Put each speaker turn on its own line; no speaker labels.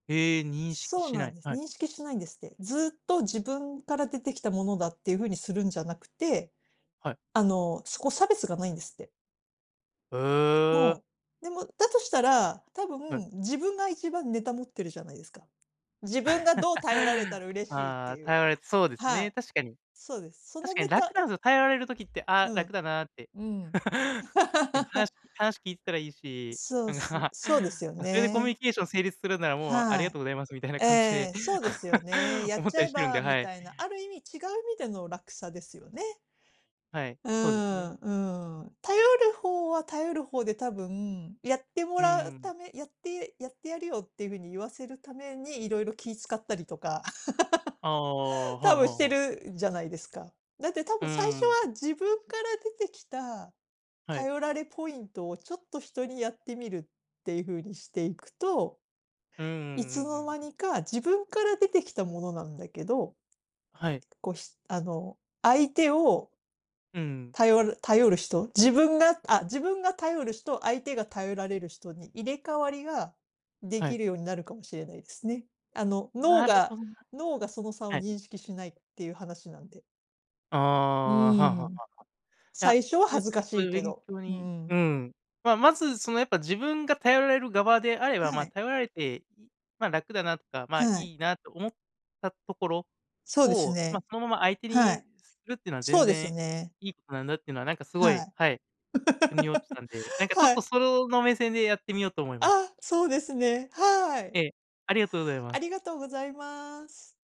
へえ、認識
そう
し
な
な
ん
い
です、
はい。
認識しないんですって。ずっと自分から出てきたものだっていう風にするんじゃなくて、
はい。
あの、そこ、差別がないんですって。
へ
う
え。
ん。でも、だとしたら、多
はい。
分自分が一番ネタ持ってるじゃないですか。自分がどう頼られた ら嬉しいっ
あ
て
あ、
いう
頼られそうです
は
ね、
い。
確かに。
そうです。そ
確
の
か
ネ
に楽
タ
なんすよ、頼られる時って、「あ、
う
楽
ん。
だな」って。
うん。
なんか話 話聞いてたらいいし、
そう
なん
す
か、
そうですよ
それでコミュニ
ね。
ケーション成立するなら、もう、あり
は
が
い。
とうございますみたいな
え
感じで、
え、そうですよね。やっ
思っ
ち
た
ゃ
り
え
してるんで、
ば、み
はい。
たいな。ある意味違う意味での落差ですよね。
はい、
うー
そうですね。
ん、うーん。頼る方は頼る方で多分、やって
う
も
ー
らう
ん。
ためやってやってやるよっていう風に言わせるために色々気使ったりとか、
ああ、は
多
あは
分し
あ
て
はあ。
るじゃないですか。だって多
う
分最
ー
初
ん。
は自分から出てきた
はい。
頼られポイントをちょっと人にやってみるっていう風にしていくと、
うんうんう
い
ん
つ
う
の
ん
間
うん。
にか自分から出てきたものなんだけど、
はい。
こしあの、相手を
うーん。
頼る頼る人、自分が、あ、自分が頼る人、相手が頼られる人に入れ替わりがで
はい。
きるようになるかもしれないですね。あの、脳
なるほ
が、
どな。
脳がその差を
はい。
認識しないっていう話なんで。
あ
う
あ、
ー
はあはあは
ん。
あはあ。や、
最初は
よ
恥ず
く、そ
か
う
し
ゆ
い
う
け
勉
ど、
強
う
にう
ん。
ん。ま、まず、その、やっぱ自分が頼られる側であれば、
は
ま、
い。
頼られて、いま、楽だなとか、ま、
はい。
いいなと思ったところ
そうです
を、ま、
ね。
そのまま相手
は
に
い。
するっていうのは
そ
全
うです
然
ね。
いいことなんだっていうのは、なんか、すご
は
い、
い。
はい、腑に落ちた んで、なんか、ちょっ
は
と
い。
そろの目線でやってみようと思います。
あ、そうですね。はい。
ええ、ありがとうございま
あ
す。
りがとうございます。